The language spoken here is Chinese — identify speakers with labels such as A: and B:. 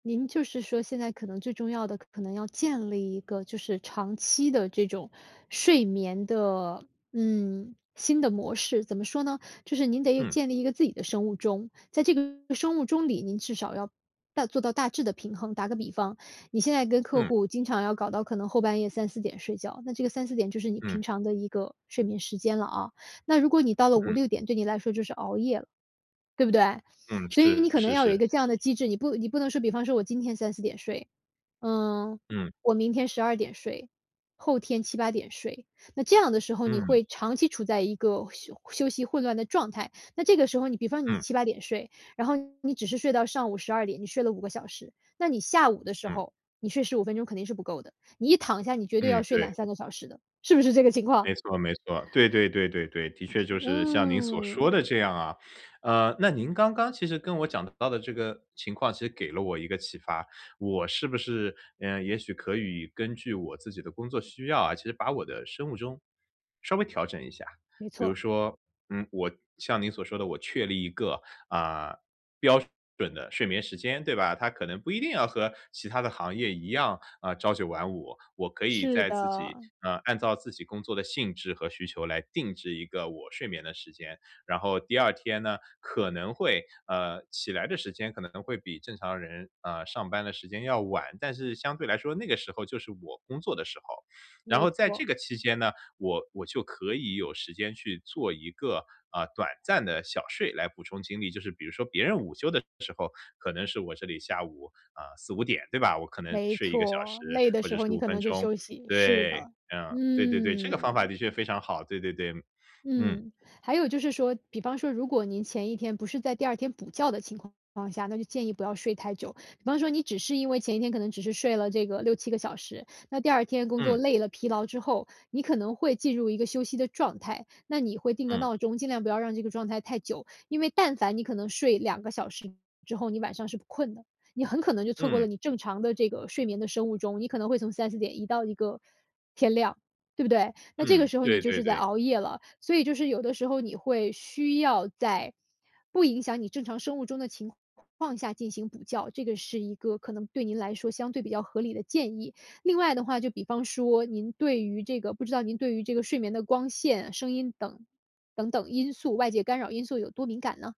A: 您就是说现在可能最重要的，可能要建立一个就是长期的这种睡眠的，嗯，新的模式。怎么说呢，就是您得
B: 嗯。
A: 建立一个自己的生物钟。在这个生物钟里，您至少要大做到大致的平衡。打个比方，你现在跟客
B: 嗯。
A: 户经常要搞到可能后半夜3、4点睡觉，那这个3、4点就是你
B: 嗯。
A: 平常的一个睡眠时间了啊。那如果你到了五
B: 嗯。
A: 六点对你来说就是熬夜了。对不对？
B: 嗯，
A: 所以你
B: 是
A: 可能
B: 是
A: 要有一
B: 是。
A: 个这样的机制，你不你不能说，比方说我今天3、4点睡，呃，
B: 嗯。
A: 我明天12点睡，后天7、8点睡，那这样的时候你
B: 嗯。
A: 会长期处在一个休休息混乱的状态。那这个时候，你比方你
B: 嗯。
A: 7、8点睡，然后你只是睡到上午12点，你睡了5个小时，那你下午的时
B: 嗯。
A: 候，你睡15分钟肯定是不够的，你一躺下你绝对要
B: 嗯，
A: 睡两
B: 对。
A: 三个小时的，是不是这个情况？
B: 没错没错，对对对对对，的确就是像您所说
A: 嗯。
B: 的这样啊。呃，那您刚刚其实跟我讲到的这个情况，其实给了我一个启发，我是不是，呃，也许可以根据我自己的工作需要啊，其实把我的生物钟稍微调整一下。
A: 没
B: 比如
A: 错。
B: 说，嗯，我像您所说的我确立一个，啊，标准的睡眠时间对吧？它可能不一定要和其他的行业一样，啊，朝九晚五。我可以
A: 是
B: 在自己
A: 的。
B: 呃，按照自己工作的性质和需求来定制一个我睡眠的时间。然后第2天呢可能会呃，起来的时间可能会比正常人，呃，上班的时间要晚。但是相对来说那个时候就是我工作的时候。然
A: 没
B: 后在
A: 错。
B: 这个期间呢，我我就可以有时间去做一个，呃，短暂的小睡来补充精力，就是比如说别人午休的时候可能是我这里下午啊，4、5点对吧，我可能
A: 没
B: 睡1个小时
A: 错，累的
B: 或
A: 时
B: 者
A: 候
B: 十
A: 你
B: 五
A: 可
B: 分
A: 能就
B: 钟。
A: 休息，是
B: 对，
A: 的。
B: 嗯，对对对，这个方法
A: 嗯。
B: 的确非常好，对对对，嗯。
A: 嗯，还有就是说，比方说如果您前一天不是在第2天补觉的情况情况下，那就建议不要睡太久。比方说你只是因为前一天可能只是睡了这个6、7个小时，那第2天工作
B: 嗯。
A: 累了疲劳之后，你可能会进入一个休息的状态，那你会定个
B: 嗯。
A: 闹钟，尽量不要让这个状态太久。因为但凡你可能睡2个小时之后，你晚上是不困的，你很可能就错过了
B: 嗯。
A: 你正常的这个睡眠的生物钟。你可能会从3、4点移到一个天亮，对不对？那这个
B: 嗯，
A: 时候你
B: 对
A: 就
B: 对
A: 是在
B: 对。
A: 熬夜了。所以就是有的时候你会需要在不影响你正常生物钟的情况下进行补觉，这个是一个可能对您来说相对比较合理的建议。另外的话就比方说您对于这个不知道您对于这个睡眠的光线、声音等等等因素外界干扰因素有多敏感呢？